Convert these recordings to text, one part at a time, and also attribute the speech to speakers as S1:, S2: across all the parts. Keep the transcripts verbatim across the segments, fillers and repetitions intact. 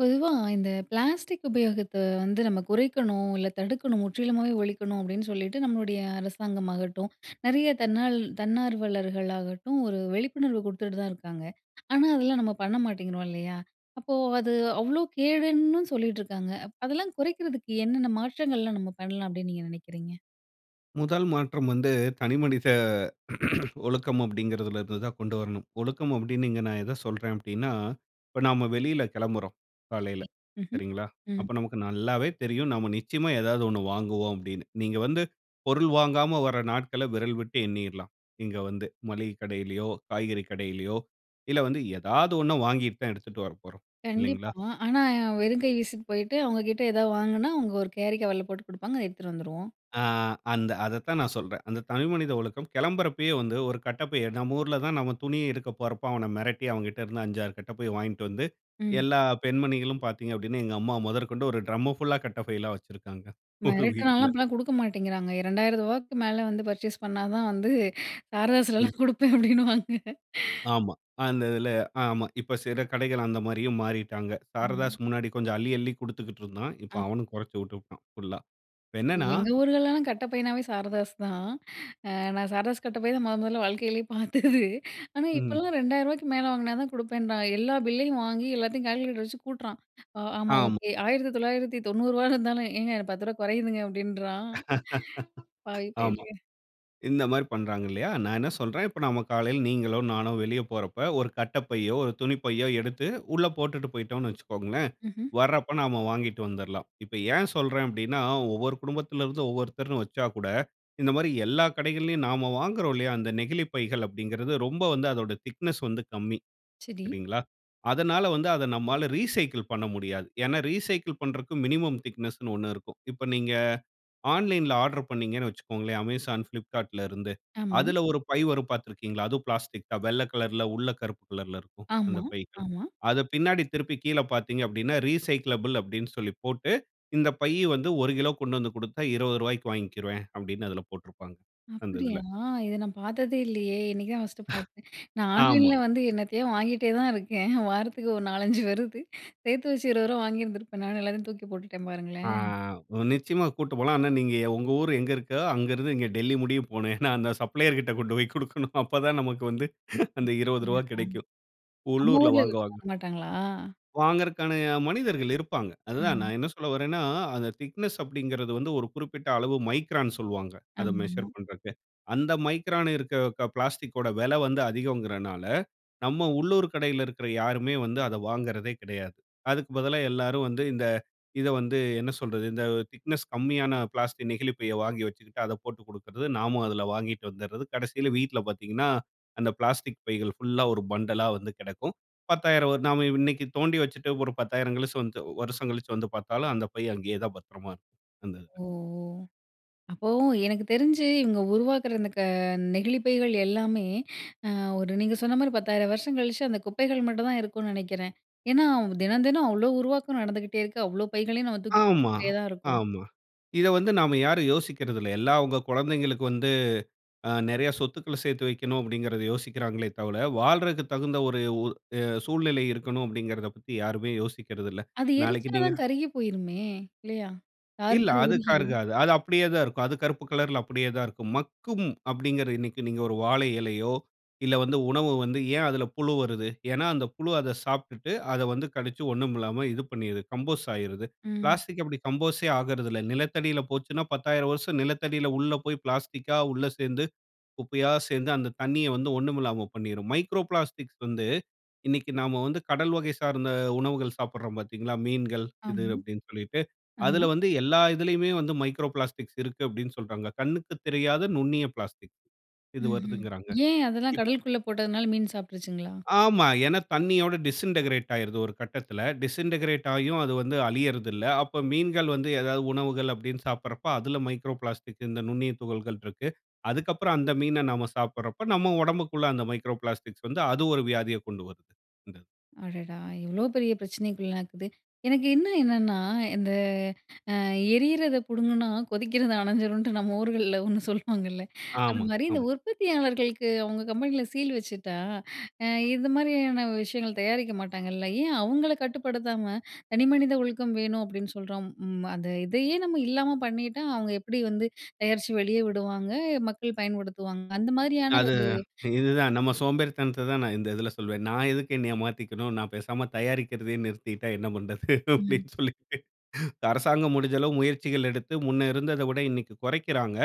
S1: பொதுவா, இந்த பிளாஸ்டிக் உபயோகத்த வந்து நம்ம குறைக்கணும் இல்ல தடுக்கணும், முற்றிலுமாக ஒழிக்கணும் அப்படின்னு சொல்லிட்டு, நம்மளுடைய அரசாங்கம் ஆகட்டும் நெறைய தன்னால் தன்னார்வலர்கள் ஆகட்டும் ஒரு விழிப்புணர்வு குடுத்துட்டு தான் இருக்காங்க. ஆனா, அதெல்லாம் நம்ம பண்ண மாட்டேங்கிறோம் இல்லயா? அப்போ அது அவ்ளோ கேடுன்னு சொல்லீட்டு இருக்காங்க. அப் அதெல்லாம் குறைக்கிறதுக்கு என்னென்ன மாற்றங்கள்லாம் நம்ம பண்ணலாம் அப்படின்னு நீங்க நினைக்கிறீங்க?
S2: முதல் மாற்றம் வந்து, தனி மனித ஒழுக்கம் அப்படிங்கிறதுல இருந்து தான் கொண்டு வரணும். ஒழுக்கம் அப்படின்னு இங்க நான் எத சொல்றேன் அப்படின்னா? இப்ப நாம வெளில கிளம்புறோம் காலையில
S1: சரி, ம்ஹ்ம்,
S2: சரிங்களா?
S1: ம்.
S2: அப்ப நமக்கு நல்லாவே தெரியும் நாம நிச்சயமா ஏதாவது ஒண்ணு வாங்குவோம், அப்படின்னு. நீங்க வந்து பொருள் வாங்காம வர நாட்கள விரல் விட்டு எண்ணிறலாம். இங்க வந்து மளிகை கடையிலயோ, காய்கறி கடையிலயோ இல்ல வந்து ஏதாவது ஒன்ன வாங்கிட்டு தான் எடுத்துட்டு வரப்போறோம் இல்லைங்களா?
S1: கண்டிப்பா, ஆனா வெறும் கை வீசிட்டு போயிட்டு அவங்க கிட்ட ஏதாது வாங்குனா, அவங்க ஒரு கேரி கவர்ல போட்டு குடுப்பாங்க. அத எடுத்துட்டு வந்துருவோம்.
S2: ஆ, அந்த அதத்தான் நான் சொல்றேன். அந்த தனி மனித ஒழுக்கம், கிளம்பறப்பயே வந்து ஒரு கட்டப்பைய எடு நம்ம ஊர்ல தான் நம்ம துணி எடுக்கப் போறப்போ, அவன மிரட்டி அவங்கிட்ட இருந்து அஞ்சு, ஆறு கட்டப்பைய வாங்கிட்டு வந்து
S1: ம்.
S2: எல்லா பெண்மணிகளும் பார்த்தீங்க அப்படின்னா! எங்க அம்மா முதற்கொண்டு ஒரு டிரம் ஃபுல்லா கட்டப்பைலாம் வச்சிருக்காங்க. ஒரு
S1: மிரட்டுனால்லாம்,
S2: வீட்டுல.
S1: அப்படிலாம் கொடுக்க மாட்டேங்கிறாங்க ரெண்டாயிரம் ரூபாய்க்கு மேல வந்து பர்ச்சேஸ் பண்ணா தான் வந்து
S2: ம்.
S1: சாரதாஸ்லலாம் கொடுப்பேன், அப்படின்னுவாங்க.
S2: ஆமா. அந்த இதுல ஆமா. இப்ப சில கடைகள் அந்த மாதிரியும் மாறிட்டாங்க.
S1: ஆஹ்.
S2: சாரதாஸ் முன்னாடி கொஞ்சம் அள்ளி, அள்ளி குடுத்துகிட்டு இருந்தான். இப்போ
S1: ஆ.
S2: அவனும் குறைச்சுட்டு புட்டான் ஃபுல்லா. இப்ப என்னன்னா?
S1: எங்க ஊர்கள்லலாம் கட்ட பையினாவே சாரதாஸ் தான். அ நான் சாரதாஸ் கட்ட பைய தான் மொத, மொதல்ல வாழ்க்கையிலயே பார்த்தது. ஆனா
S2: ம்.
S1: இப்பல்லாம் ரெண்டாயிரம் ரூபாய்க்கு மேல வாங்கனாதான் கொடுப்பேன்றான். எல்லா பில்லையும் வாங்கி எல்லாத்தையும் கால்குலேட்டர் வச்சு கூட்டுறான். ஆ ஆமா
S2: ஆமா.
S1: ஓகே ஆயிரத்து தொள்ளாயிரத்தி தொண்ணூறு ரூவாய் இருந்தாலும் ஏங்க எனக்கு பத்து ரூபாய் குறையுதுங்க அப்படின்றான். பாவி
S2: ஆமா.
S1: பயலே
S2: இந்த மாரி பண்றாங்க இல்லையா. நான் என்ன சொல்றேன். இப்போ நாம காலையில நீங்களோ நானோ வெளியில போறப்ப ஒரு கட்டப்பையோ ஒரு துணிப்பையோ எடுத்து உள்ள போட்டுட்டு போய்ட்டோன்னு வச்சுக்கோங்களேன்,
S1: ம்ஹ்ம்.
S2: வர்றப்ப நாம வாங்கிட்டு வந்தர்லாம். இப்ப ஏன் சொல்றேன் அப்படின்னார ஒவ்வொரு குடும்பத்துல இருந்து ஒவ்வொருத்தர்னு வச்சாகூட, இந்த மாரி எல்லா கடைகள்லயும், நாம வாங்குறோம் இல்லயா, அந்த நெகிழிப் பைகள் அப்படிங்கறது ரொம்ப வந்து அதோட திக்னெஸ் வந்து கம்மி.
S1: சரி.
S2: சரிங்களா, அதனால வந்து அத நம்மால ரீசைக்கிள் பண்ண முடியாது. ஏன்னா? ரீசைக்கிள் பண்றதுக்கு மினிமம் திக்னெஸ்னு ஒண்ணு இருக்கும். இப்ப நீங்க ஆன்லைன்‌ல ஆர்டர் பண்ணீங்கன்னு வச்சுக்கோங்களேன் Amazon, Flipkartல இருந்து
S1: ஆமா.
S2: அதுல ஒரு பை வரும் பார்த்திருக்கீங்களா? அதுவும் பிளாஸ்டிக் தான். வெள்ள கலர்‌ல உள்ள கருப்பு கலர்ல இருக்கும் அந்த
S1: ஆமா,
S2: பைகள்.
S1: ஆமா.
S2: அத பின்னாடி திருப்பி கீழே பார்த்தீங்க அப்டினா ரீசைக்கிளபிள் அப்படின்னு சொல்லி போட்டு இந்த பைய வந்து ஒரு கிலோ கொண்டு வந்து கொடுத்தா இருபது ரூபாய்க்கு வாங்கிக்கிறவேன் அப்படின்னு அதுல போட்டுருப்பாங்க அந்த
S1: அப்படியா!
S2: இதுல.
S1: இத நான் பார்த்ததே இல்லயே? இன்னைக்கு தான் ஃபர்ஸ்ட்டு பார்த்தேன். நான்
S2: ஆமா.
S1: ஆன்லைன்ல வந்து என்னத்தையோ வாங்கிகிட்டே தான் இருக்கேன். வாரத்துக்கு ஒரு நாலஞ்சு வருது சேர்த்து வச்சு, இருபது ரூபா வாங்கியிருந்திருப்பேன் நானு, எல்லாத்தையும் தூக்கி போட்டுட்டேன்
S2: ஆ,
S1: பாருங்களேன்!
S2: நிச்சயமா கூப்டுட்டு போலாம். ஆனா நீங்க உங்க ஊர் எங்க இருக்கோ அங்கிருந்து இங்க டெல்லி முடிய போனேன் ஏன்னா? அந்த சப்ளையர் கிட்ட கொண்டு போய் குடுக்கணும் அப்ப தான் நமக்கு வந்து அந்த இருபது
S1: ஆஹா.
S2: ரூபாய் கிடைக்கும்
S1: நம்ம
S2: உள்ளூர்ல
S1: ஊர்ல இத
S2: வாங்குவாங்க.
S1: பண்ண மாட்டாங்களா?
S2: வாங்கறக்கான மனிதர்கள் இருப்பாங்க. அதுதான்
S1: ம்.
S2: நான் என்ன சொல்ல வர்றேன்னா அந்த திக்னெஸ் அப்படிங்கறது வந்து ஒரு குறிப்பிட்ட அளவு மைக்ரான் சொல்லுவாங்க. அதை மெஷர்
S1: ஆம்மா.
S2: பண்ணுறக்கு. அந்த மைக்ரான் இருக்க பிளாஸ்டிக் ஓட விலை வந்து அதிகோங்கறதுனால, நம்ம உள்ளூர் கடையில இருக்கிற யாருமே வந்து அத வாங்கறதே கெடையாது. அதுக்கு பதிலா எல்லாரும் வந்து இந்த இதை வந்து என்ன சொல்றது இந்த திக்னஸ் கம்மியான பிளாஸ்டிக் நெகிழிப் பையை வாங்கி வச்சுக்கிட்டு அதை போட்டு கொடுக்குறது. நாம அதுல வாங்கிட்டு வந்துடுறது கடைசியில வீட்ல பார்த்தீங்கன்னா, அந்த பிளாஸ்டிக் பைகள் ஃபுல்லா ஒரு பண்டலா வந்து கிடக்கும். பத்தாயிரம் நாம இன்னைக்கு தோண்டி வச்சுட்டு ஒரு பத்தாயிரம் கழிச்சு வந்து வருஷம் கழிச்சு வந்து பார்த்தாலும் அந்த பை அங்கயே தான் பத்திரமா இருக்கும். அந்த இதுல.
S1: ஓ ஒ! அப்போ எனக்கு தெரிஞ்சு இவங்க உருவாக்குற அந்த க நெகிழிப் பைகள் எல்லாமே அ ஒரு நீங்க சொன்ன மாதிரி பத்தாயிரம் வருஷம் கழிச்சு, அந்த குப்பைகள் மட்டும் தான் இருக்கும்னு நினைக்கிறேன். ஏன்னா? தினம், தினம் அவ்ளோ உருவாக்கம் நடந்துகிட்டே இருக்கு. அவ்ளோ பைகளையும் நாம தூக்கி
S2: ஆமா.
S1: போட்டுக்கிட்டே தான் இருக்கோம்.
S2: ஆமா. இத வந்து நாம யாரும் யோசிக்கிறது இல்ல. எல்லா அவங்க குழந்தைகளுக்கு வந்து ஆ நிறைய சொத்துக்கள சேர்த்து வைக்கனும் அப்படிங்கிறத யோசிக்கிறாங்களே தவள வாழ்றதுக்கு தகுந்த ஒரு அ சூழ்நிலை இருக்கணும் அப்படிங்கிறத பத்தி யாருமே யோசிக்கிறது இல்ல.
S1: அது
S2: நாளைக்கு
S1: எரிச்சா
S2: நீங்க
S1: தான் கருகி போயிருமே! இல்லையா? தாறு
S2: இல்ல,
S1: மாரி
S2: அதுக்கா
S1: உருகிரும்.
S2: இருக்காது. அது அப்படியே தான் இருக்கும். அது கருப்பு கலர்‌ல அப்படியே தான் இருக்கும். மக்கும் அப்படிங்கிறது இன்னைக்கு நீங்க ஒரு வாழை இலையோ இல்ல வந்து உணவு வந்து ஏன் அதுல புழு வருது? ஏன்னா அந்த புழு அதை சாப்டுட்டு அதை வந்து கடுச்சு ஒண்ணும் இல்லாம இது பண்ணிடுது கம்போஸ் ஆயிடுது.
S1: ம்.
S2: பிளாஸ்டிக் அப்படி கம்போஸ்‌ட் ஆகறதில்ல நிலத்தடியில போச்சுன்னா பத்தாயிரம் வருசம் நிலத்தடியில உள்ள போய் பிளாஸ்டிக்‌கா உள்ள சேர்ந்து குப்பையா சேர்ந்து அந்த தண்ணிய வந்து ஒண்ணுமில்லாம பண்ணிரும். மைக்ரோ பிளாஸ்டிக்ஸ் வந்து இன்னைக்கு நாம வந்து கடல் வகை சார்ந்த உணவுகள் சாப்பிடுறோம் பார்த்தீங்களா, மீன்கள் இது
S1: ஆமா.
S2: அப்படினு சொல்லிட்டு
S1: ஆமா.
S2: அதுல வந்து எல்லா இதுலயுமே வந்து மைக்ரோ பிளாஸ்டிக்ஸ் இருக்கு அப்படினு சொல்றாங்க. கண்ணுக்கு தெரியாத நுண்ணிய பிளாஸ்டிக் இது
S1: ம்ஹ்ம்.
S2: வருதுங்கறாங்க.
S1: ஏன் அதெல்லாம்
S2: இப்
S1: கடலுக்குள்ள போட்டதுனால மீன் சாப்பிட்டுருச்சிங்களா?
S2: ஆமா. ஏன்னா தண்ணியோட டிஸ்இன்டக்கிரேட் ஆயிருது. ஒரு கட்டத்துல டிஸ்இன்டக்கிரேட் ஆயும் அது வந்து அழியறது இல்ல. அப்போ மீன்கள் வந்து ஏதாவது உணவுகள் அப்படினு சாப்பிடறப்போ அதுல மைக்ரோ பிளாஸ்டிக்ஸ் இந்த நுண்ணிய துகள்கள் இருக்கு. அதுக்கப்புறம் அந்த மீன நாம சாப்பிடறப்ப நம்ம உடம்புக்குள்ள அந்த மைக்ரோ பிளாஸ்டிக்ஸ் வந்து அது ஒரு வியாதியக் கொண்டு வருது. அந்த,
S1: அடடா! இவ்வளோ பெரிய பிரச்சனைக்குள்ளக்குது. எனக்கு இன்னு என்னன்னா? இந்த அ எரியத புடுங்குன்னா? கொதிக்கிறது அணைஞ்சருன்ட்டு நம்ம ஊர்கள்ல ஒண்ணு சொல்லுவாங்கல்ல அந்த
S2: ஆமா,
S1: மாதிரி இந்த
S2: ஆமா.
S1: உற்பத்தியாளர்களுக்கு அவங்க கம்பெனியில சீல் வச்சுட்டா? அ இந்த மாதிரியான விஷயங்கள் தயாரிக்க மாட்டாங்கல்ல ஏன்? அவங்கள கட்டுப்படுத்தாம தனிமனித ஒழுக்கம் வேணும், அப்படின்னு சொல்றோம். ம், அந்த இதையே நம்ம இல்லாம பண்ணிட்டா? அவங்க எப்படி வந்து தயாரிச்சு வெளிய விடுவாங்க? மக்கள் பயன்படுத்துவாங்க. அந்த மாதிரியான
S2: அது
S1: ஒரு
S2: இதுதான் நம்ம சோம்பேறித்தனத்த தான் நான் இந்த இதில சொல்வேன். நான் எதுக்கு என்னய மாத்திக்கணும். நான் பேசாம தயாரிக்கிறதயே நிறுத்திட்டா என்ன பண்ணுறது?
S1: ம்.
S2: அப்படின்னு சொல்லிட்டு, அரசாங்கம் முடிஞ்ச அளவு முயற்சிகள் எடுத்து, முன்ன இருந்தத விட இன்னைக்கு குறைக்கிறாங்க.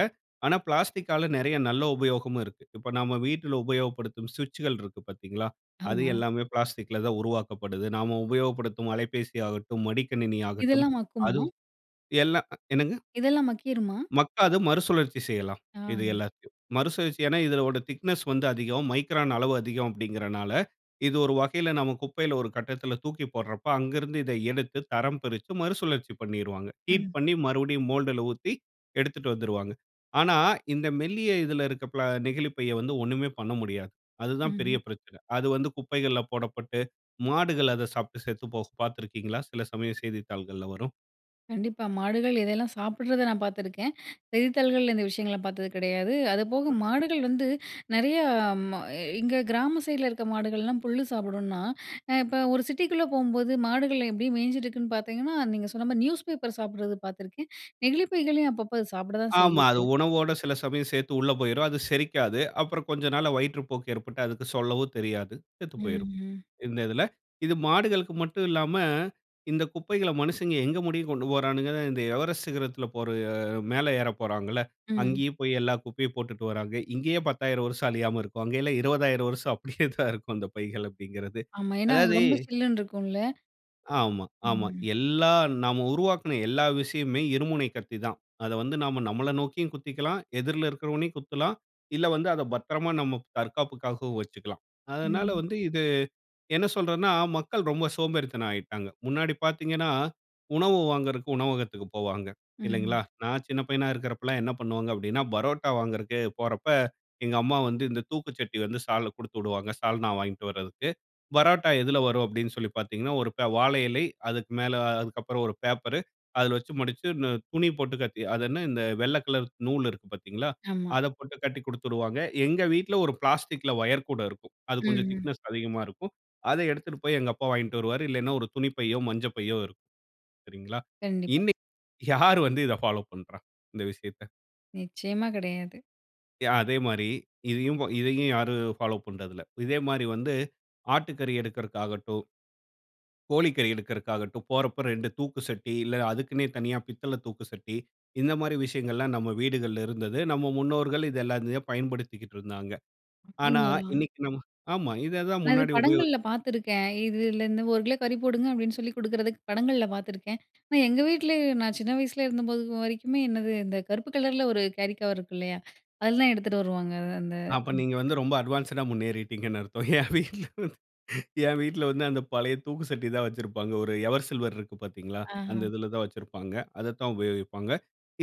S2: ஆனா, பிளாஸ்டிக்காலா நெறைய நல்ல உபயோகமும் இருக்கு. இப்ப நம்ம வீட்ல உபயோகப்படுத்தும் ஸ்விட்ச்சுகள் இருக்கு பாத்தீங்களா? அது
S1: ஆமா.
S2: எல்லாமே பிளாஸ்டிக்கில தான் உருவாக்கப்படுது. நாம உபயோகப்படுத்தும் அலைப்பேசி ஆகட்டும், மடிக்கணினி ஆகட்டும்.
S1: இதெல்லாம் மக்குமா?
S2: அதுவும் எல்லாம் என்னங்க?
S1: இதெல்லாம மக்கிறுமா?
S2: மக்காது மறுசுழற்சி செய்யலாம், இது
S1: ஆ.
S2: எல்லாத்தையும். மறுசுழற்சி ஏன்னா? இதனுடைய திக்னெஸ் வந்து அதிகம். மைக்ரான் அளவு அதிகம். அப்படிங்கிறதுனால இது ஒரு வகையில நாம குப்பையில ஒரு கட்டத்துல தூக்கி போடுறப்ப அங்கு இருந்து இத எடுத்து தரம் பிரித்து மறுசுழற்சி பண்ணிருவாங்க. ஹீட்
S1: ம்
S2: பண்ணி மறுபடியும் மோல்டுல ஊத்தி எடுத்துட்டு வந்துருவாங்க. ஆனா, இந்த மெல்லிய இதில இருக்க பிளா நெகிழிப்பைய வந்து ஒண்ணுமே பண்ண முடியாது. அது தான் பெரிய
S1: ம்ஹ்ம்.
S2: பிரச்சன. அது வந்து குப்பைகள்ல போடப்பட்டு மாடுகள் அத சாப்ட்டு செத்து போகும் பாத்திருக்கீங்களா, சில சமயம் செய்தித்தாள்கள்ல வரும்?
S1: கண்டிப்பா. மாடுகள் இதையெல்லாம் சாப்பிடுறத நான் பாத்துருக்கேன். செய்தித்தாள்கள்ல இந்த விஷயங்கள பாத்தது கிடையாது. அதுபோக மாடுகள் வந்து, நெறைய ம அ எங்க கிராம சைடுல இருக்க மாடுகள்லாம் புல்லு சாப்பிடும்னா, அ இப்ப ஒரு சிட்டிக்குள்ள போம்போது மாடுகள எப்டி மேஞ்சிட்ருக்குன்னு பாத்தீங்கன்னா, நீங்க சொன்ன மாரி நியூஸ் பேப்பர சாப்பிட்றது பாத்துருக்கேன். நெகிழிப்பைகளையும் அப்பப்ப அது சாப்பிட தான்
S2: ஆமா, அது
S1: செய்யுது.
S2: உணவோட சில சமயம் சேத்து உள்ள போய்ரும். அது செரிக்காது. அப்றம் கொஞ்ச நாள்ல வயிற்றுப்போக்கு ஏற்பட்டு அதுக்கு சொல்லவும் தெரியாது. செத்து
S1: ம்,
S2: போய்ரும்.
S1: ம்.
S2: இந்த இதுல, இது மாடுகளுக்கு மட்டும் இல்லாம, இந்த குப்பைகள மனுசங்க எங்க முடிய கொண்டு போறாணுங்கன்னா, இந்த எவரெஸ்ட் சிகரத்துல போற மேல ஏறப் போறாங்கள்ல!
S1: ம்.
S2: அங்கேயும் போய் எல்லா குப்பையும் போட்டுட்டு வராங்க. இங்கேயே பத்தாயிரம் வருஷ்ம் அழியாம இருக்கும். அங்கே எல்லாம் இருவதாயிரம் வருஷம் அப்படியே தான் இருக்கும். அந்த பைகள் அப்படிங்கிறது.
S1: ஆமா. ஏன்னா அங்க
S2: அதாவது
S1: ரொம்ப சில்லுன்னு இருக்கும்ல.
S2: ஆமா. ஆமா.
S1: ம்.
S2: எல்லா நம்ம உருவாக்குன எல்லா விஷயமுமே இருமுனை கத்தி தான். அத வந்து நாம நம்மள நோக்கியும் குத்திக்கலாம். எதிர்ல இருக்கிறவனையும் குத்தலாம். இல்ல வந்து அத பத்திரமா நம்ம தற்காப்புக்காகவும் வச்சுக்கலாம். அதனால
S1: ம்.
S2: வந்து இது என்ன சொல்றதுனா மக்கள் ரொம்ப சோம்பேறித்தனம் ஆயிட்டாங்க. முன்னாடி பாத்தீங்கன்னா, உணவு வாங்குறக்கு உணவகத்துக்கு போவாங்க, இல்லைங்களா?
S1: ம்.
S2: நான் சின்ன பையனா இருக்குறப்பலாம் என்ன பண்ணுவாங்க அப்படினா, பரோட்டா வாங்குறதுக்கே போறப்ப, எங்க அம்மா வந்து இந்த தூக்கு சட்டிய வந்து சால்ல குடுத்துவிடுவாங்க, சால்னா வாங்கிட்டு வரதுக்கு. பரோட்டா எதுல வரும் அப்படினு சொல்லி பாத்தீங்கன்னா, ஒரு ப வாழை இலை, அதுக்கு மேல அதுக்கப்புறம் ஒரு பேப்பரு, அதில வச்சு மடிச்சு இந்த துணி போட்டு கட்டி அதென்ன, இந்த வெள்ள கலர் நூல் இருக்கு பாத்தீங்களா,
S1: ஆமா.
S2: அத போட்டு கட்டிக் குடுத்துடுவாங்க. எங்க வீட்ல ஒரு பிளாஸ்டிக்‌ல வயர் கூட இருக்கும். அது
S1: ம்,
S2: கொஞ்சம்
S1: ம்.
S2: திக்னெஸ் அதிகமா இருக்கும். அத எடுத்துட்டு போய் எங்க அப்பா வாங்கிட்டு வருவாரு. இல்லைனா ஒரு துணிப்பையோ, மஞ்சப்பையோ இருக்கும், சரிங்களா?
S1: கண்டிப்பா.
S2: இன்னைக்கு யார் வந்து இத ஃபாலோ பண்றா? இந்த விஷயத்த?
S1: நிச்சயமா கெடையாது.
S2: யா. அதே மாரி இதையும் போ இதையும் யாரும் ஃபாலோ பண்றதில்ல. இதே மாரிவந்து ஆட்டுக்கறி எடுக்கறகாகட்டும், கோழிக்கறி எடுக்கறகாகட்டும், போறப்போ ரெண்டு தூக்குசட்டி, இல்ல அதுக்குன்னே தனியா பித்தள தூக்குசட்டி, இந்த மாரி விஷயங்கள்லாம் நம்ம வீடுகள்ல இருந்தது. நம்ம முன்னோர்கள் இத எல்லாத்தையும் பயன்படுத்திக்குட்டு இருந்தாங்க. ஆனா
S1: அப்டீங்களா?
S2: இன்னைக்கு நம்ம ஆமா, இததான்
S1: அது
S2: முன்னாடி உபயோகி
S1: படங்கள்ல பாத்துருக்கேன். இதுலேந்து ஒரு கிலோ கறி போடுங்க, அப்படின்னு சொல்லி குடுக்குறதுக்கு படங்கள்ல பாத்துருக்கேன். ஆனா, எங்க வீட்ல நான் சின்ன வயசுல இருந்தபோது வரைக்குமே என்னது இந்த கருப்பு கலர்ல ஒரு கேரிகவர் இருக்கு இல்லையா? அதிலதான் எடுத்துட்டு வருவாங்க. அது அந்த
S2: அப்ப நீங்க வந்து ரொம்ப அட்வான்ஸ்டா முன்னேறிட்டிங்கன்னு அர்த்தம்! என் வீட்ல வந்து, என் வீட்ல வந்து, அந்த பழைய தூக்குசட்டி தான் வச்சிருப்பாங்க. ஒரு எவர்சில்வர் இருக்கு பார்த்தீங்களா? அந்த
S1: அஹ்ம்.
S2: இதிலதான் வச்சிருப்பாங்க, அததான் உபயோகிப்பாங்க.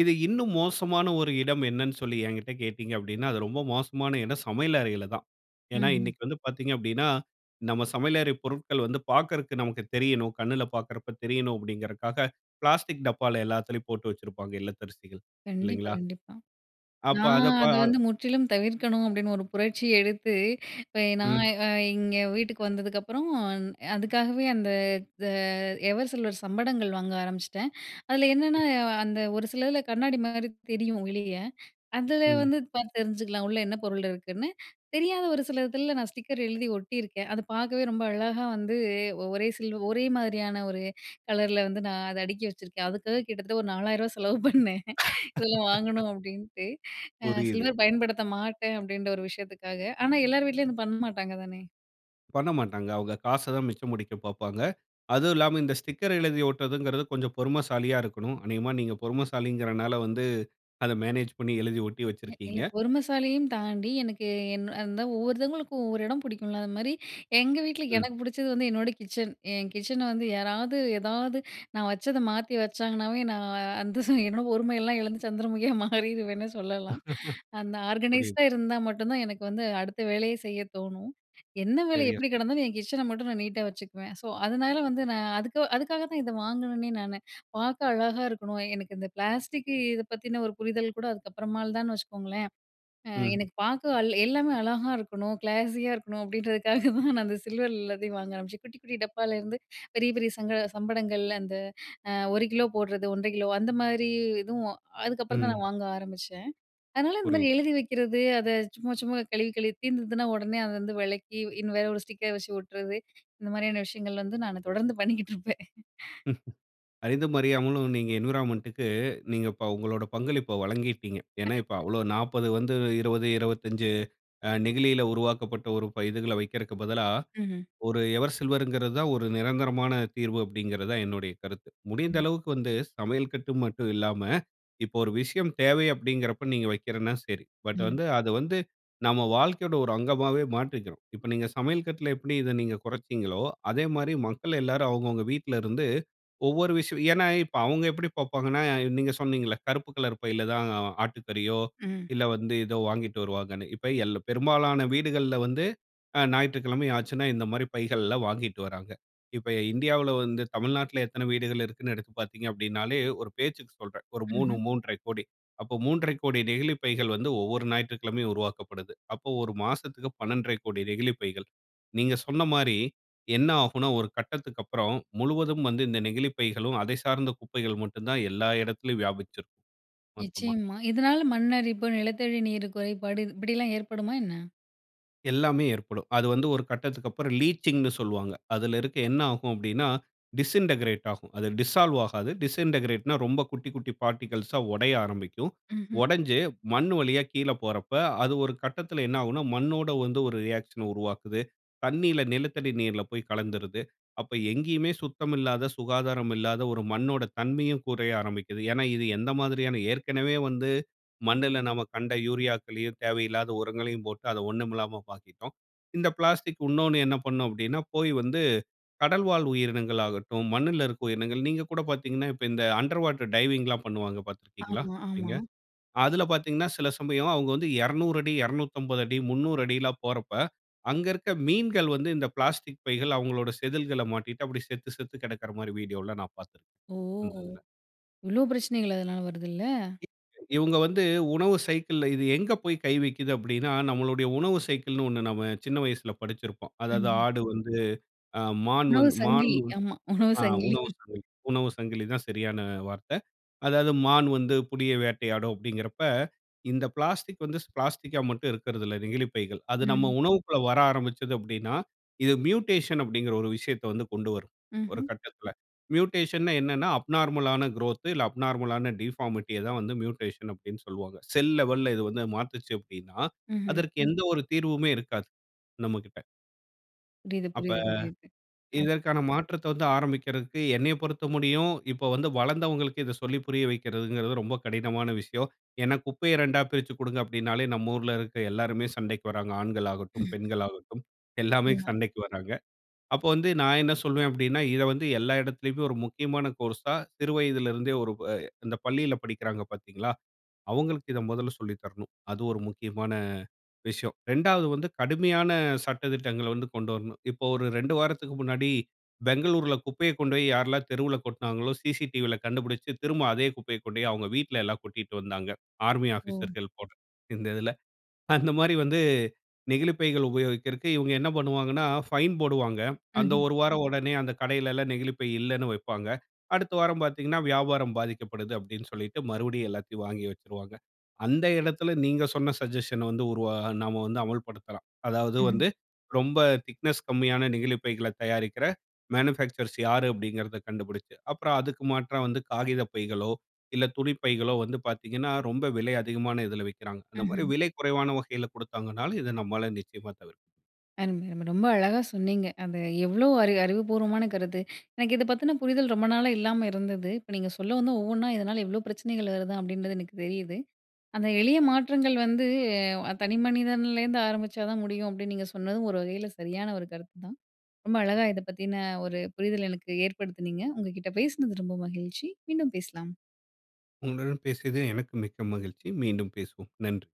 S2: இது இன்னும் மோசமான ஒரு இடம் என்னன்னு சொல்லி என்கிட்ட கேட்டீங்க அப்படினா? அது ரொம்ப மோசமான இடம் சமையல் அறையிலதான். ஏனா?
S1: ம்ஹ்ம்.
S2: இன்னைக்கு வந்து பார்த்தீங்க அப்படினா, நம்ம சமையல் அறை பொருட்கள் வந்து பாக்குறக்கு நமக்கு தெரியணும், கண்ணுல பார்க்கிறப்போ தெரியணும், அப்படிங்கறதுக்காக பிளாஸ்டிக் டப்பால எல்லாத்துலயும் போட்டு வச்சிருப்பாங்க இல்லத்தரிசிகள்,
S1: கண்டிப்பா
S2: இல்லைங்களா?
S1: கண்டிப்பா.
S2: அப்ப
S1: நான்
S2: அத ப
S1: அத
S2: அ
S1: வந்து முற்றிலும் தவிர்க்கணும், அப்படின்னு ஒரு புரட்சி எடுத்து இப்ப நான்
S2: ம்.
S1: இங்கே வீட்டுக்கு வந்ததுக்கப்புறம். அதுக்காகவே அந்த இந்த எவர்சில்வர் சம்படங்கள்! வாங்க ஆரம்பிச்சுட்டேன். அதில என்னென்னா, அந்த ஒரு சிலதுல கண்ணாடி மாரி தெரியும், வெளிய. அதில
S2: ம்.
S1: வந்து பார்த்து தெரிஞ்சுக்கலாம். உள்ள என்ன பொருள் இருக்குன்னு. தெரியாத ஒரு சிலதுல நான் ஸ்டிக்கர் எழுதி ஒட்டிருக்கேன்! அது பாக்கவே ரொம்ப அழகா வந்து ஒரே சில்வ ஒரே மாரியான ஒரு கலர்ல வந்து, நான் அத அடுக்கி வச்சிருக்கேன். அதுக்காக கிட்டத்தட்ட ஒரு நாலாயிருவா செலவு பண்ணேன். இதெல்லாம் வாங்கணும் அப்படின்ட்டு. அ
S2: புரியுது.
S1: சில்வர் பயன்படுத்த மாட்டேன், அப்படின்ற ஒரு விஷயத்துக்காக. ஆனா, எல்லார் வீட்லயும் அது பண்ண மாட்டாங்க தானே!
S2: பண்ணமாட்டாங்க. அவுக காசதான் மிச்சம் முடிக்க பாப்பாங்க. அதுவும் இல்லாம இந்த ஸ்டிக்கர் எழுதி ஓட்டுறதுங்கிறது கொஞ்சம் பொறுமைசாலியா இருக்கணும். அநேகமாக நீங்க பொறுமைசாலிங்கிறனால வந்து அத மேனேஜ் பண்ணி எழுதி ஒட்டி
S1: [unintelligible]
S2: வச்சிருக்கீங்க.
S1: இல்ல பொறுமசாலியையும் தாண்டி, எனக்கு என் அதான் ஒவ்வொருத்தவங்களுக்கும் ஒவ்வொரு இடம் பிடிக்கும்ல, அதுமாரி எங்க வீட்ல
S2: ம்.
S1: எனக்கு புடிச்சது வந்து என்னோட கிச்சன். என் கிச்சன வந்து யாராவது, ஏதாவது நான் வச்சத மாத்தி வச்சாங்கன்னாவே, நான் அந்த என்னோட பொறுமையெல்லாம் இழந்து சந்திரமுகியா மாறிடுவேன்னே சொல்லலாம். அந்த ஆர்கனைஸ்ட்டா
S2: புரியுது.
S1: இருந்தா மட்டுந்தான் எனக்கு வந்து அடுத்த வேலையே செய்யத்தோணும். என்ன வேலைநீட்டா
S2: சரியா.
S1: எப்படி கிடந்தாலும், என் கிச்சன மட்டும் நான் நீட்டா வச்சுக்குவேன். ஸோ, அதனால வந்து நான் அதுக்கு, அதுக்காகத்தான் இத வாங்கினேனே, நானு. பாக்க அழகாக இருக்கணும், எனக்கு இந்த பிளாஸ்டிக் இதப் பத்தின ஒரு புரிதல்கூட அதுக்கப்புறமால்தான்னு வச்சுக்கோங்களேன். அ
S2: ம்.
S1: எனக்கு பாக்க அ எல்லாமே அழகா இருக்கணும், கிளாஸியா இருக்கணும், அப்பிடின்றதுக்காகதான் நான் அந்த சில்வர்ல எல்லாத்தையும் வாங்க ஆரம்பிச்சேன். குட்டி, குட்டி டப்பால்ல இருந்து, பெரிய, பெரிய சங்கட சம்படங்கள் அந்த அ ஒரு கிலோ போடுறது, ஒன்றரை கிலோ அந்தமாரி எதுவும் அதுக்கப்புறந்தான்
S2: ம்.
S1: நான் வாங்க ஆரமிச்சேன். அதனால இந்தமாரி
S2: புரியுது.
S1: எழுதி வைக்கிறது, அத சும்மா, சும்மா கழுவி, கழுவி தீர்ந்ததுனா உடனே அத வந்து வெளக்கி, இனி வேற ஒரு ஸ்டிக்கர் வச்சு ஒட்டுறது, இந்த மாரியான விஷயங்கள் வந்து நானு தொடர்ந்து பண்ணிக்கிட்டுருப்பேன்.
S2: அறிந்தும், அறியாமலும் நீங்க என்விரான்மென்ட்‌டுக்கு நீங்க ப இப்ப உங்களோட பங்களிப்ப வழங்கீட்டீங்க. ஏனா, இப்ப அவ்ளோ நாப்பது வந்து இருவது, இருவத்தஞ்சு அ நெகிழியில உருவாக்கப்பட்ட ஒரு இதுகள வைக்கிறக்குப் பதிலா,
S1: ம்ஹ்ம்.
S2: ஒரு எவர் சில்வருங்கிறதான் ஒரு நிரந்தரமான தீர்வு அப்பிடிங்கிறதான் என்னுடைய கருத்து. முடிந்த
S1: கண்டிப்
S2: அளவக்கு வந்து சமையல் கட்டு மட்டும் இல்லாம, இப்ப ஒரு விஷயம் தேவை அப்பிடிங்கின்றப்ப நீங்க வைக்கிறன்னா சரி. பட்
S1: ம்.
S2: வந்து, அத வந்து, நம்ம வாழ்க்கையோட ஒரு அங்கமாவே மாற்றிக்கிறோம். இப்ப நீங்க சமையல் கட்ல எப்பிடி இத நீங்க குறச்சீங்களோ, அதேமாரி மக்கள் எல்லாரும் அவுங்க, அவுங்க வீட்ல இருந்து ஒவ்வொரு விஷயம் ஏனா, இப்ப அவுங்க எப்பிடி பாப்பாங்கன்னா, நீங்க சொன்னீங்கள்ல கருப்பு கலர் பையிலதான் அ ஆட்டு கறியோ,
S1: ம்.
S2: இல்ல வந்து ஏதோ வாங்கிட்டு வருவாங்கன்னு. இப்ப எல்லா பெரும்பாலான வீடுகள்ல வந்து அ ஞாயிற்றுக்கிழமை ஆச்சுன்னா, இந்தமாரி பைகள்லாம் வாங்கிட்டு வராங்க. இப்ப இந்தியாவுல வந்து தமிழ்நாட்ல எத்தன வீடுகள் இருக்குன்னு எடுத்து பாத்தீங்க அப்பிடின்னாலே, ஒரு பேச்சுக்கு சொல்றேன், ஒரு மூணு,
S1: ம்ஹ்ம்.
S2: மூன்றரை கோடி. அப்ப மூன்றரை கோடி நெகிழிப் பைகள் வந்து ஒவ்வொரு ஞாயிற்றுக்கிழமையும் உருவாக்கப்படுது. அப்போ ஒரு மாசத்துக்கு பன்னெண்டரை கோடி நெகிழிப் பைகள். நீங்க சொன்னமாரி என்ன ஆகுன்னா, ஒரு கட்டத்துக்கு அப்புறம் முழுவதும் வந்து இந்த நெகிழிப் பைகளும், அதை சார்ந்த குப்பைகளும் மட்டுந்தான் எல்லா இடத்திலேயும் வியாபிச்சிருக்கும், மொத்தமா.
S1: நிச்சயமா. இதனால மண் அரிப்பு, நிலத்தடி நீர் குறைபாடு இது இப்பிடில்லாம் ஏற்படுமா என்ன?
S2: எல்லாமே ஏற்படும். அது வந்து ஒரு கட்டத்திற்கப்புறம் லீச்சிங்ன்னு சொல்லுவாங்க. அதில இருக்க என்ன ஆகும் அப்படினா டிஸிண்டகிரேட் ஆகும். அது டிசால்வ் ஆகாது. டிஸிண்டகிரேட்னா ரொம்ப குட்டிக் குட்டி பார்ட்டிக்கிள்ஸா உடைய ஆரம்பிக்கும்.
S1: ம்ஹ்ம்.
S2: உடைஞ்சு மண்ணு வழியா கீழ போறப்ப அது ஒரு கட்டத்தில என்ன ஆகும்னா மண்ணோடு வந்து ஒரு ரியாக்ஷன உருவாக்குது. தண்ணீல நிலத்தடி நீர்ல போய் கலந்துருது. அப்ப எங்கேயுமே சுத்தமில்லாத, சுகாதாரமில்லாத ஒரு மண்ணோட தன்மையும் குறைய ஆரம்பிக்கிது. ஏனா இது எந்த மாதிரியான ஏற்கனவே வந்து மண்ணுல நாம கண்ட யூரியாக்களையும், தேவையில்லாத உரங்களையும் போட்டு அதை ஒண்ணுமில்லாம ப ஆக்கிட்டோம். இந்த பிளாஸ்டிக். இன்னோண்ணு என்ன பண்ணும் அப்படினா போய் வந்து கடல்வாழ் உயிரினங்களாகட்டும், மண்ணுல இருக்கிற உயிரினங்கள். நீங்க கூட பார்த்தீங்கன்னா இப்ப இந்த அண்டர் வாட்டர் டைவிங்ல்லாம் பண்ணுவாங்க பார்த்திருக்கீங்களா
S1: ஆமா,
S2: நீங்க?
S1: ஆமா.
S2: அதில பார்த்தீங்கன்னா, சில சமயம் அவுங்க வந்து இருநூறு அடி இருநூத்தம்பது அடி முந்நூறுஅடி ல்லாம் போறப்ப அங்க இருக்க மீன்கள் வந்து இந்த பிளாஸ்டிக் பைகள் அவுங்களோட செதில்கள்ள மாட்டிக்கிட்டு அப்டி செத்து செத்து கிடக்கிற மாரி வீடியோல்லாம் நான் பார்த்திருக்கிறேன்.
S1: ஓ!
S2: அந்த இதில.
S1: இவ்ளோ பிரச்சனைகள் அதனால வருதுல்ல!
S2: இவுங்க வந்து உணவு சைக்கிள்‌ல இது எங்கே போய் கை வைக்கிது அப்படினா, நம்மளுடைய உணவு சைக்கிள்னு ஒண்ணு நாம சின்ன வயசுல படிச்சிருப்போம். அதாவது
S1: ம்ஹ்ம்.
S2: ஆடு வந்து ஆ மான்
S1: உணவு
S2: வந்து மான்
S1: சங்கிலி. ஆமா, உணவு
S2: ஆ
S1: சங்கிலி.
S2: உணவு சங்கிலி உணவு சங்கிலி தான் சரியான வார்த்த. அதாவது மான் வந்து புலிய வேட்டையாடும் அப்படிங்கிறப்ப இந்த பிளாஸ்டிக் வந்து பிளாஸ்டிக்‌கா மட்டும் இருக்கிறதில்ல. நெகிழிப்பைகள். அது நம்
S1: ம்.
S2: உணவுக்குள்ள வர ஆரம்பிச்சது அப்படினா இது மியூட்டேஷன் அப்படிங்கிற ஒரு விஷயத்தை வந்து கொண்டு வரும். ஒரு
S1: ம்ஹ்ம்.
S2: கட்டத்தில. மியூட்டேஷன்னா என்னனா அப்நார்மலான குரோத். இல்ல அப்நார்மலான டிஃபார்மிட்டிய தான் வந்து மியூட்டேஷன் அப்படின்னு சொல்வாங்க. செல் லெவல்ல இது வந்து மாத்துச்சு அப்படினா
S1: ம்ஹ்ம்.
S2: அதற்கு எந்த ஒரு தீர்வுமே இருக்காது நம்மகிட்ட.
S1: புரிது,
S2: அப்ப.
S1: புரிது, புரிது. அ.
S2: இதற்கான மாற்றத்தை வந்து ஆரம்பிக்கிறதுக்கு என்னைய பொறுத்த முடியும், இப்ப வந்து வளந்தவங்களுக்கு இத சொல்லி புரிய வைக்கிறதுங்கிறது ரொம்ப கடினமான விஷயம். ஏன்னா, குப்பைய ரெண்டா பிரிச்சு கொடுங்க அப்படின்னாலே, நம்ம ஊர்ல இருக்கிற எல்லோருமே சண்டைக்கு வராங்க. ஆண்கள் ஆகட்டும், பெண்கள் ஆகட்டும் எல்லாமே
S1: நிச்சயமா.
S2: சண்டைக்கு வராங்க. அப்போ வந்து நான் என்ன சொல்வேன் அப்படின்னா, இத வந்து எல்லா இடத்திலேயுமே ஒரு முக்கியமான கோர்ஸா சிறு வயதிலிருந்தே ஒரு அ இந்த பள்ளியில படிக்கிறாங்க பாத்தீங்களா, அவங்களுக்கு இத மொதல சொல்லி தரணும். அது ஒரு முக்கியமான விஷயம். ரெண்டாவது வந்து கடுமையான சட்ட திட்டங்கள்ல வந்து கொண்டு வரணும். இப்போ ஒரு ரெண்டு வாரத்துக்கு முன்னாடி பெங்களூரில குப்பைய கொண்டு போய் யாரெல்லாம் தெருவில கொட்னாங்களோ, CCTVயில கண்டுபிடிச்சு, திரும்ப அதே குப்பையை கொண்டு போய் அவங்க வீட்லயெல்லாம் கொட்டிகிட்டு வந்தாங்க, ஆர்மி
S1: ஓ!
S2: ஆஃபீசர்கள் போல. இந்த இதில அந்த மாதரி வந்து நெகிழிப் பைகள் உபயோகிக்கிறக்கு இவங்க என்ன பண்ணுவாங்கன்னா, ஃபைன் போடுவாங்க. அந்த
S1: ம்ஹ்ம்.
S2: ஒரு வாரம் உடனே அந்த கடையில எல்லாம் நெகிழிப் பை இல்லனு வைப்பாங்க. அடுத்த வாரம் பாத்தீங்கன்னா வியாபாரம் பாதிக்கப்படுது அப்படினு சொல்லிட்டு, மறுபடியும் எல்லாத்தையும் வாங்கி வச்சுடுவாங்க. அந்த இடத்தில நீங்க சொன்ன சஜஷன்‌ வந்து உருவா நாம வந்து அமல் படுத்தலாம். அதாவது
S1: ம்ஹ்ம்.
S2: வந்து ரொம்ப திக்னெஸ் கம்மியான நெகிழிப் பைகள்ல தயாரிக்கிற மேனுஃபேக்சர்ஸ் யாரு அப்படின்கிறத கண்டுபுடிச்சு. அப்புறம் அதுக்கு மாற்ற வந்து காகிதப் பைகளோ, இல்ல துணிப் பைகளோ வந்து பாத்தீங்கன்னா, ரொம்ப விலை அதிகமான இதில விக்கிறாங்க. அந்த மாதிரி
S1: ம்ஹ்ம்.
S2: விலை குறைவான வகையில கொடுத்தாங்கனாலும், இது நம்மால நிச்சயமா தவிர்க்கும்.
S1: அருமை, அருமை. ரொம்ப அழகா சொன்னீங்க. அது எவ்வளோ அறி அறிவுபூர்வமான கருத்து. எனக்கு இதை பத்தின புரிதல் ரொம்ப நாளா இல்லாம இருந்தது. இப்ப நீங்க சொல்லவும்தான் ஒவ்வொன்னா இதனால இவ்ளோ பிரச்சனைகள் வருதா? அப்படின்றது எனக்கு தெரியுது. அந்த எளிய மாற்றங்கள் வந்து தனி மனிதன்லேருந்து ஆரம்பிச்சாதான் முடியும். அப்படின்னு நீங்க சொன்னதும் ஒரு வகையில சரியான ஒரு கருத்துதான். ரொம்ப அழகா இத பத்தின ஒரு புரிதல் எனக்கு ஏற்படுத்தினீங்க. உங்ககிட்ட பேசினது ரொம்ப மகிழ்ச்சி. மீண்டும் பேசலாம்.
S2: உங்களுடன் பேசியது எனக்கு மிக்க மகிழ்ச்சி. மீண்டும் பேசுவோம். நன்றி.